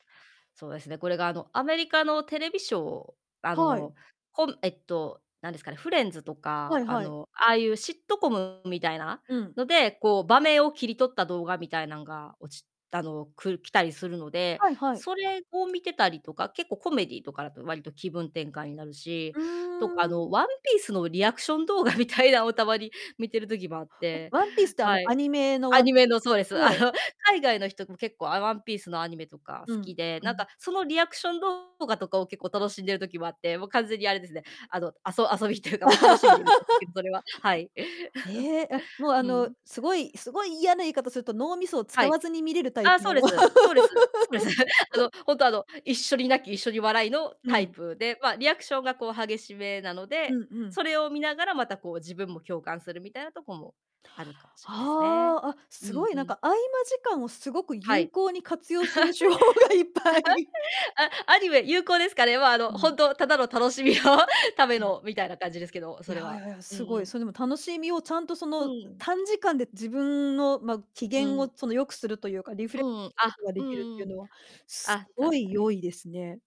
そうですね、これが、あの、アメリカのテレビショーあはい。の、こんえっと、なんですかね、フレンズとはか、いあはい。の、ああいうシットコムみたいなうん。ので、こう、場面を切り取った動画みたいなんが落ちあの、く来たりするので、はいはい。それを見てたりとか、結構、コメディーとかだとわりと気分転換になるし、うとか、あーん。の、ワンピースのリアクション動画みたいなを、たまに、見てる時もあっあ、て、ワンピースって、あはの、アい。ニメのアワンニピーメスの そうです。あの、はい。海外の人も結構、あ、ワンピースのアニメとか好うん、きで、うなんん。か、そのリアクション動画とかを結構楽しんでる時もあって、もう、完全にあれですね、あの、あそ遊びっていうか、もう楽しみで見て、それは、はい。ええ、あ、もう、あうの、ん。すごいすごい嫌な言い方すると、脳みそを使はい。わずに見れるタイああ、プそうのです。そうです。そうです。あの、ほんと、あの、一緒に泣き、一緒に笑いのうタイん。プで、ま、リアクションが、こう、激しめなのうで、んうそん。れを見ながらまた、こう、自分も共感するみたいなとこもあるかもしれないすね。はあ、あ、うすごん、い、うなんん。か、合間時間をすごくは有い。効に活用する手法がいっぱい。あ、アニメ、有効ですかね。ま、あの、うほん。んとただの楽しみの ためうん。のみたいな感じですけど、いそや、れは。やや、うんすごうい、ん。そ、でも楽しみをちゃんとそうんの、ん、うん。短時間で自分の、ま、機う嫌を、ん。その、良くするというか、リフレうッんうん、こあ、とがでうきるっんてういうん、のは、すあ、ご確かいに。良いですね。